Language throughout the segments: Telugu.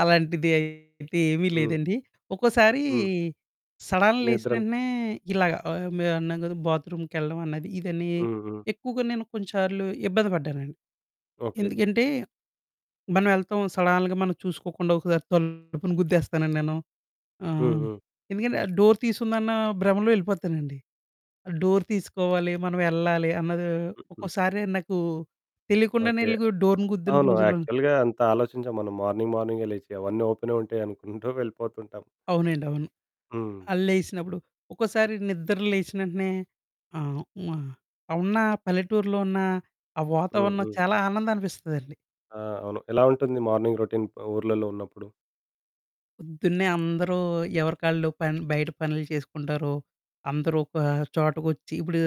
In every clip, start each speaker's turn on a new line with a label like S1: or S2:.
S1: అలాంటిది అయితే ఏమీ
S2: హ్మ్.
S1: లేదండి. ఒక్కోసారి
S2: హ్మ్.
S1: సడన్ లేసిన
S2: నిద్రల
S1: వెంటనే ఇలాగ ఆహ్, మే మేమున్నాం గదా! బాత్‌రూమ్‌కెళ్ళడం అన్నది, ఇదని,
S2: హుహు.
S1: ఎక్కువగా నేను కొన్నిసార్లు ఇబ్బంది పడ్డానండి.
S2: ఓకే.
S1: ఎందుకంటే మనం ఎళ్తాం సడన్‌గా మనం చూసుకోకుండా ఒకసారి తలుపును గుద్దేస్తానండి నేను.
S2: హ్మ్.
S1: ఆహ్,
S2: హ్మ్.
S1: ఎందుకంటే డోర్ తీసుందన్న భ్రమలో ఎళ్ళిపోతానండి. డోర్ తీసుకోవాలి, మనం ఎళ్ళాలి అన్నది
S2: హుహు.
S1: ఒక్కోసారి నాకు తెలియకుండానే
S2: ఓకే.
S1: ఎల్లి డోర్‌ని గుద్దిన
S2: అవును.
S1: రోజుల్లో ఉన్
S2: యాక్చువల్‌గా అంత ఆలోచించం మనం మార్నింగ్ మార్నింగే లేచి అవన్నీ ఓపెనే ఉంటాయి అనుకుంటూ వెళ్ళిపోతుంటాం.
S1: అవునండి. అవును.
S2: హ్మ్.
S1: ఆ! లేసినప్పుడు, ఒకోసారి నిద్ర లేసినేంటనే ఆహ్, మ ఉన్న పల్లెటూర్లో ఉన్న ఆ
S2: హ్మ్.
S1: వాతావరణం
S2: హ్మ్.
S1: చాలా ఆనందాననిపిస్తుందండి.
S2: ఆ! అవును. ఎలా ఉంటుంది మార్నింగ్ రొటీన్ ఊర్లల్లో ఉన్నప్పుడు?
S1: పొద్దున్నే అందరూ ఎవరి ఆళ్ళు పెన్ బయట పనులు చేసుకుంటారో, అందరూ ఒక చోటకొచ్చి, ఇప్పుడు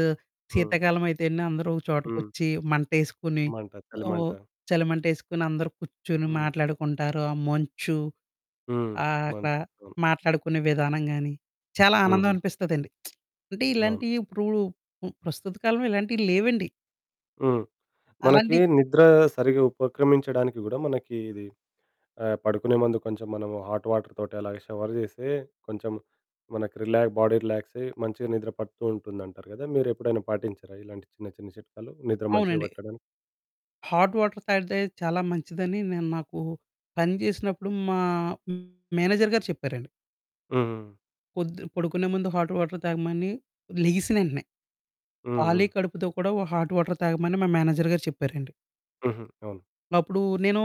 S2: హ్మ్.
S1: శీతాకాలం అయితేనే, అందరూ ఒక
S2: హ్మ్.
S1: చోటకొచ్చి, మంటేసుకుని,
S2: మంట
S1: అవొ
S2: చలిమంట.
S1: చలి‌మంటేసుకుని, అందరూ కూర్చొని,
S2: హ్మ్.
S1: మాట్లాడుకుంటారు ఆ మంచు
S2: హ్మ్.
S1: ఆహ్,
S2: మం
S1: అక్కడ
S2: అవును.
S1: మాట్లాడుకునే విధానం గాని, చాలా ఆనందం
S2: హుహు.
S1: అనిపిస్తదండి. అంటే
S2: అవును.
S1: ఇలాంటియిప్పుడు ఉ ప్రస్తుత కాలంలో ఇలాంటియి లేవండి.
S2: హ్మ్. మనకి
S1: అలాంటి
S2: నిద్ర సరిగ్గా ఉపక్రమించడానికి గూడా, మనకి ఇది ఆహ్, పడుకునే ముందు కొంచెం మనము హాట్ వాటర్ తోటి అలాగే షవర్ జేస్తే, కొంచెం మనకి రిలా బాడీ రిలాక్సయి మంచిగా నిద్ర పడుతూంటుందంటారు గదా! మీరెప్పుడైనా పాటించారా ఇలాంటి చిన్న, చిన్న చిట్కాలు, నిద్ర మంచిగా
S1: అవునండి.
S2: పట్టడానికి?
S1: హాట్ వాటర్ తాగితే చాలా మంచిదని నేను నాకు పని జేసినప్పుడు మా మేనేజర్ గారు చెప్పారండి.
S2: హ్మ్. హ్మ్.
S1: "పొద్దు పడుకునే ముందు హాట్ వాటర్ తాగమని. లెగిసినేంటనే,
S2: హ్మ్.
S1: కాలి
S2: హ్మ్.
S1: కడుపుతో కూడా ఒ హాట్ వాటర్ తాగమని" మా మేనేజర్ గారు చెప్పారండి.
S2: హుహు. అవును.
S1: అప్పుడు నేను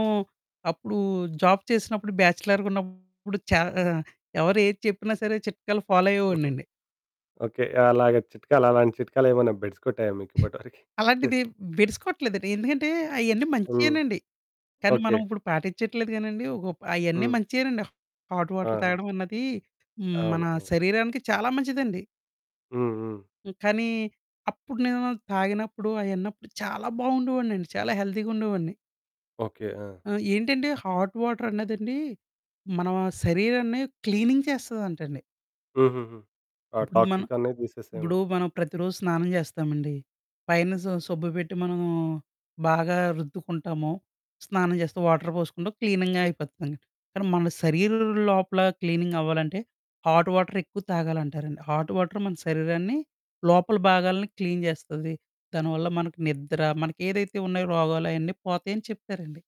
S1: అప్పుడు జాబ్ చేసినప్పుడు బ్యాచలర్‌గున్నప్పుడు, చ ఆహ్, ఎవరు ఏది చెప్పినా సరే, చిట్కాలు ఫాలో
S2: హుహు.
S1: అయ్యేవోడినండి.
S2: ఓకే. అలాగా చిట్కాలు, అలాంటి చిట్కాలు ఏమైనా బెడిసికొట్టాయా మీకు ఇప్పటివరకి?
S1: అలాంటిది బెడినికొట్లేదండి. ఎందుకంటే అయన్నీ
S2: హ్మ్.
S1: మంచియేనండి. కానీ
S2: ఓకే.
S1: మనం ఇప్పుడు పాటిచ్చట్లేదు గానండి. ఒకప్ అయన్నీ
S2: హ్మ్.
S1: మంచియేనండి హాట్ వాటర్
S2: ఆహా!
S1: తాగడం అన్నది, హ్మ్, మన
S2: అవును. అవును.
S1: శరీరానికి చాలా మంచిదండి.
S2: హ్మ్. హ్మ్.
S1: హ్మ్. కానీ అప్పుడు నేను తాగినప్పుడు అయిన్నపుడు చాలా బాగుండేవోడినండి. చాలా హెల్థీ‌గా ఉండేవోడిని.
S2: ఓకే. ఆ!
S1: ఆ! ఏంటంటే, హాట్ వాటర్ అన్నదండి, మన శరీరాన్ని క్లీనింగ్ చేస్తదంటండి.
S2: హుహుహు. ఆ
S1: ఇప్పుడు మనం
S2: టాక్సిక్ అన్ని
S1: ఇప్పుడు
S2: దీసేసాము.
S1: మనం ప్రతిరోజు స్నానం చేస్తామండి. పైన స సబ్బు బెట్టి మనము బాగా రుద్దుకుంటాము, స్నానం చేస్తే వాటర్ పోసుకుంటాం, క్లీనింగ్‌గా అయిపోతుందండి. కానీ మన శరీరం లోపల క్లీనింగ్ అవ్వాలంటే, హాట్ వాటర్ ఎక్కువ తాగాలంటారండి. హాట్ వాటర్ మన శరీరాన్ని లోపల భాగాలను క్లీన్ జేస్తది. దానివల్ల మనకి నిద్ర, మనకేదైతే ఉన్నాయో రోగాలయన్నీ పోతాయని చెప్తారండి.